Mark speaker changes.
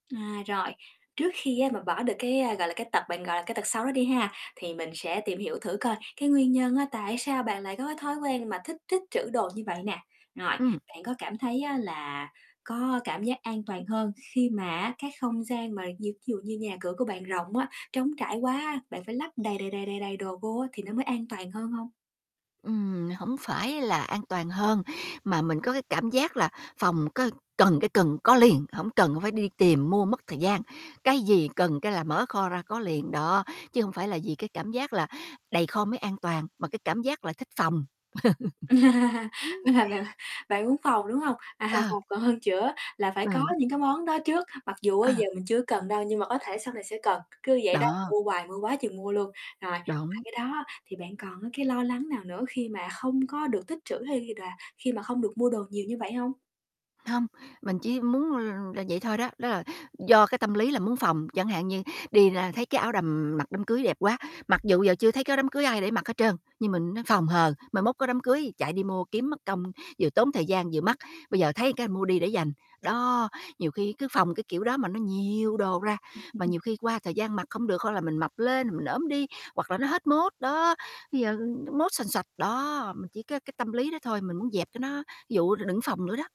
Speaker 1: À, rồi. Trước khi á mà bỏ được, cái, à, gọi là, cái tật bạn gọi là cái tật xấu đó đi ha, thì mình sẽ tìm hiểu thử coi, cái nguyên nhân á tại sao bạn lại có cái thói quen mà thích trích trữ đồ như vậy nè. Rồi,
Speaker 2: Ừm.
Speaker 1: bạn có cảm thấy á là có cảm giác an toàn hơn khi mà á, các không gian mà dụ ví dụ như nhà cửa của bạn rộng á, trống trải quá, bạn phải lắp đầy đầy đầy đầy đầy đồ vô á thì nó mới an toàn hơn hông?
Speaker 2: Ừm, hổng phải là an toàn hơn, mà mình có cái cảm giác là phòng có cần, cái cần có liền, hổng cần phải đi tìm mua mất thời gian, cái gì cần cái là mở kho ra có liền. Đó, chứ hông phải là vì cái cảm giác là đầy kho mới an toàn, mà cái cảm giác là thích phòng. Ưm.
Speaker 1: Vậy là bạn bạn muốn phòng, đúng hông? À,
Speaker 2: Ờ.
Speaker 1: phòng còn hơn chữa là phải có
Speaker 2: Ừ.
Speaker 1: những cái món đó trước, mặc dù á
Speaker 2: Ờ.
Speaker 1: giờ mình chưa cần đâu, nhưng mà có thể sau này sẽ cần, cứ vậy đó
Speaker 2: Đó.
Speaker 1: mua hoài mua quá chừng mua luôn. Rồi, ngoài
Speaker 2: Đúng.
Speaker 1: cái đó á thì bạn còn cái lo lắng nào nữa khi mà không có được tích trữ, hay ghi đà khi mà không được mua đồ nhiều như vậy hông?
Speaker 2: Hông, mình chỉ muốn, ờ, ừ, là vậy thôi đó. Đó là do cái tâm lý là muốn phòng. Chẳng hạn như đi ra thấy cái áo đầm mặc đám cưới đẹp quá, mặc dù giờ chưa thấy cái đám cưới ai để mặc hết trơn, nhưng mình, nó, phòng hờ, mai mốt có đám cưới chạy đi mua kiếm mất công, vừa tốn thời gian vừa mắc, bây giờ thấy cái mua đi để dành. Đó, nhiều khi cứ phòng cái kiểu đó mà nó nhiều đồ ra, mà nhiều khi qua thời gian mặc không được hoặc là mình mập lên, rồi mình ốm đi hoặc là nó hết mốt, đó, bây giờ, ừ, mốt xoành xoạch. Đó, mình chỉ có cái tâm lý đó thôi, mình muốn dẹp cho nó dụ đ đừng phòng nữa đó.